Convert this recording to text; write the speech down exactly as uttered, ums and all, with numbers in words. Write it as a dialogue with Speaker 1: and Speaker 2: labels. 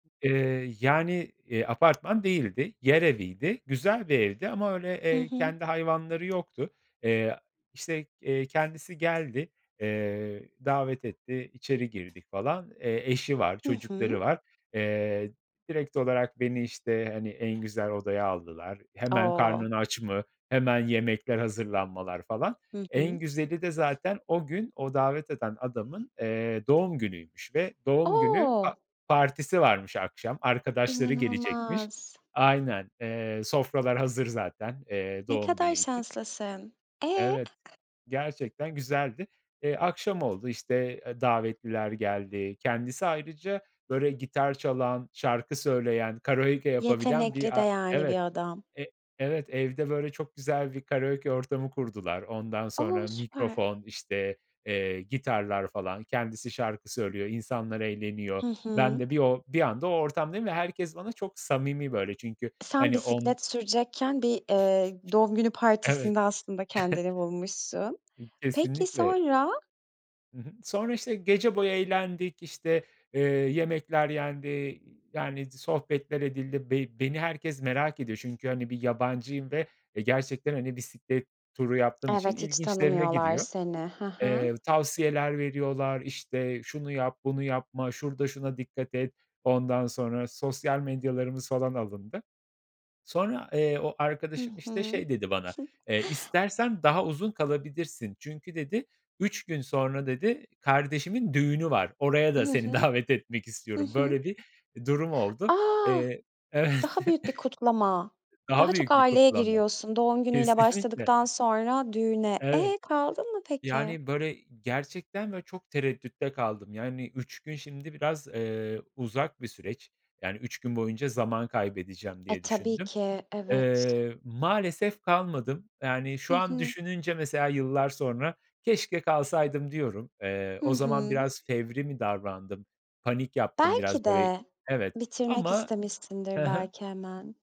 Speaker 1: Eee, yani, eee, apartman değildi. Yer eviydi. Güzel bir evdi ama öyle,
Speaker 2: Hı
Speaker 1: eee,
Speaker 2: hı.
Speaker 1: kendi hayvanları yoktu. Eee, işte, eee, kendisi geldi. Eee, davet etti, içeri girdik falan. Eee, eşi var,
Speaker 2: Hı
Speaker 1: çocukları
Speaker 2: hı.
Speaker 1: var. Eee, direkt olarak beni işte, hani, en güzel odaya aldılar. Hemen:
Speaker 2: O!
Speaker 1: "Karnın aç mı?" Hemen yemekler hazırlanmalar falan.
Speaker 2: Hı hı.
Speaker 1: En güzeli de zaten o gün, o davet eden adamın, eee, doğum günüymüş ve doğum günü pa
Speaker 2: O!
Speaker 1: partisi varmış akşam, arkadaşları gelecekmiş.
Speaker 2: İnanılmaz.
Speaker 1: Aynen, eee, sofralar hazır zaten, eee,
Speaker 2: Ne
Speaker 1: doğum
Speaker 2: kadar
Speaker 1: günü için.
Speaker 2: şanslısın. Eee?
Speaker 1: Evet, gerçekten güzeldi. Eee, akşam oldu işte, aaa, davetliler geldi. Kendisi ayrıca böyle gitar çalan, şarkı söyleyen, karaoke yapabilen
Speaker 2: Yetenekli,
Speaker 1: bir a
Speaker 2: değerli
Speaker 1: evet,
Speaker 2: bir adam.
Speaker 1: e evet, evde böyle çok güzel bir karaoke ortamı kurdular. Ondan
Speaker 2: O,
Speaker 1: sonra
Speaker 2: süper!
Speaker 1: mikrofon işte, eee, gitarlar falan kendisi şarkı söylüyor, insanlar eğleniyor.
Speaker 2: Hı
Speaker 1: Ben
Speaker 2: hı.
Speaker 1: de bir o bir anda o ortamdayım ve herkes bana çok samimi böyle çünkü,
Speaker 2: Sen
Speaker 1: hani, on
Speaker 2: bisiklet sürecekken bir, eee, doğum günü
Speaker 1: Evet.
Speaker 2: partisinde aslında kendini bulmuşsun.
Speaker 1: İ
Speaker 2: Peki
Speaker 1: kesinlikle.
Speaker 2: sonra?
Speaker 1: Hı hı. Sonra işte gece boyu eğlendik işte, eee, yemekler yendi, eee, yani sohbetler edildi. Be beni herkes merak ediyor çünkü, hani, bir yabancıyım ve, eee, gerçekten, hani, bisiklet turu yaptığım için
Speaker 2: Evet, hiç
Speaker 1: ilginçlerine
Speaker 2: tanımıyorlar
Speaker 1: gidiyor.
Speaker 2: seni. Hı hı.
Speaker 1: Eee, tavsiyeler veriyorlar işte şunu yap, bunu yapma, şurada şuna dikkat et ondan sonra sosyal medyalarımız falan alındı. Sonra, eee, o
Speaker 2: Hı
Speaker 1: arkadaşım işte
Speaker 2: hı.
Speaker 1: şey dedi bana: "Eee, istersen daha uzun kalabilirsin." çünkü dedi, "üç gün sonra," dedi, "kardeşimin düğünü var. Oraya da
Speaker 2: Hı
Speaker 1: seni
Speaker 2: hı.
Speaker 1: davet etmek
Speaker 2: Hı
Speaker 1: istiyorum."
Speaker 2: hı.
Speaker 1: Böyle bir durum oldu.
Speaker 2: A!
Speaker 1: Eee, evet.
Speaker 2: Daha büyük bir kutlama,
Speaker 1: Daha
Speaker 2: daha çok
Speaker 1: büyük bir
Speaker 2: aileye
Speaker 1: kutlama.
Speaker 2: giriyorsun. Doğum günüyle
Speaker 1: Kesinlikle.
Speaker 2: başladıktan sonra düğüne.
Speaker 1: Evet.
Speaker 2: Eee, kaldın mı peki?
Speaker 1: Yani böyle, eee, gerçekten böyle çok tereddütte kaldım. Yani, üç gün şimdi biraz, eee, uzak bir süreç. Yani, üç gün boyunca zaman kaybedeceğim
Speaker 2: E,
Speaker 1: diye
Speaker 2: tabii
Speaker 1: düşündüm.
Speaker 2: ki, evet.
Speaker 1: Eee, maalesef kalmadım. Yani şu
Speaker 2: Hı
Speaker 1: an
Speaker 2: hı.
Speaker 1: düşününce mesela yıllar sonra: "Keşke kalsaydım." diyorum. Eee,
Speaker 2: Hı
Speaker 1: o zaman
Speaker 2: hı.
Speaker 1: biraz fevri mi davrandım? Panik yaptım
Speaker 2: Belki
Speaker 1: biraz böyle,
Speaker 2: de.
Speaker 1: evet,
Speaker 2: Bitirmek
Speaker 1: ama Hı
Speaker 2: istemişsindir
Speaker 1: hı.
Speaker 2: belki hemen.